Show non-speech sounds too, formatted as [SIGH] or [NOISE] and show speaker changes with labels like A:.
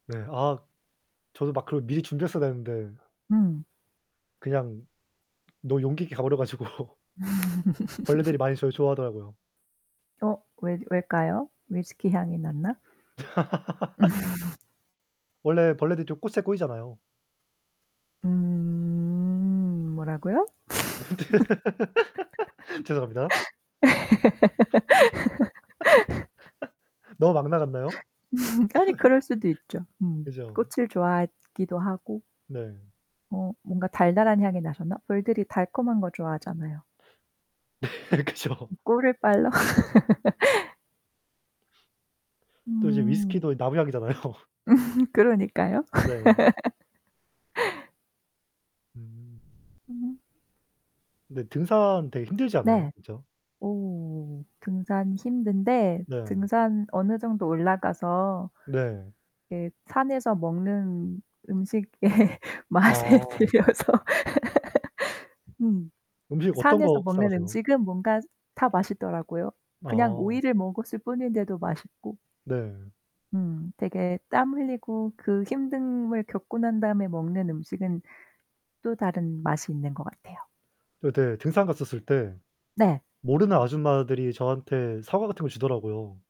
A: 네. 아 저도 막 그걸 미리 준비했어야 되는데
B: 음.
A: 그냥 너무 용기 있게 가버려 가지고 벌레들이
B: [LAUGHS]
A: 많이 절 좋아하더라고요.
B: 어 왜 왜일까요? 위스키 향이 났나?
A: [LAUGHS]
B: [LAUGHS]
A: 원래 벌레들이 좀 꽃에 꼬이잖아요.
B: 음. 뭐라고요?
A: [LAUGHS] 죄송합니다.
B: [LAUGHS]
A: [LAUGHS] 너무 막 나갔나요?
B: [LAUGHS] 아니 그럴수도 있죠.
A: [LAUGHS]
B: 음.
A: 그죠.
B: 꽃을 좋아하기도 하고.
A: 네.
B: 어 뭔가 달달한 향이 나셨나? 벌들이 달콤한 거 좋아하잖아요.
A: [LAUGHS] 네 그죠.
B: 꿀을 빨러? [LAUGHS]
A: 또 이제
B: 음.
A: 위스키도 나무향이잖아요.
B: [LAUGHS] 그러니까요.
A: 네.
B: [LAUGHS]
A: 음.
B: 음.
A: 근데 등산 되게 힘들지 않아요,
B: 네.
A: 그죠?
B: 오. 등산 힘든데
A: 네.
B: 등산 어느 정도 올라가서
A: 네.
B: 이게 산에서 먹는 음식의 맛에
A: 어.
B: 들려서. [LAUGHS] 음.
A: 음식 어떤
B: 산에서
A: 거 싸
B: 먹는
A: 가세요?
B: 음식은 뭔가 다 맛있더라고요. 그냥
A: 아.
B: 오이를 먹었을 뿐인데도 맛있고.
A: 네.
B: 음. 되게 땀 흘리고 그 힘듦을 겪고 난 다음에 먹는 음식은 또 다른 맛이 있는 것 같아요.
A: 저 네 등산 갔었을 때
B: 네.
A: 모르는 아줌마들이 저한테 사과 같은 걸 주더라고요.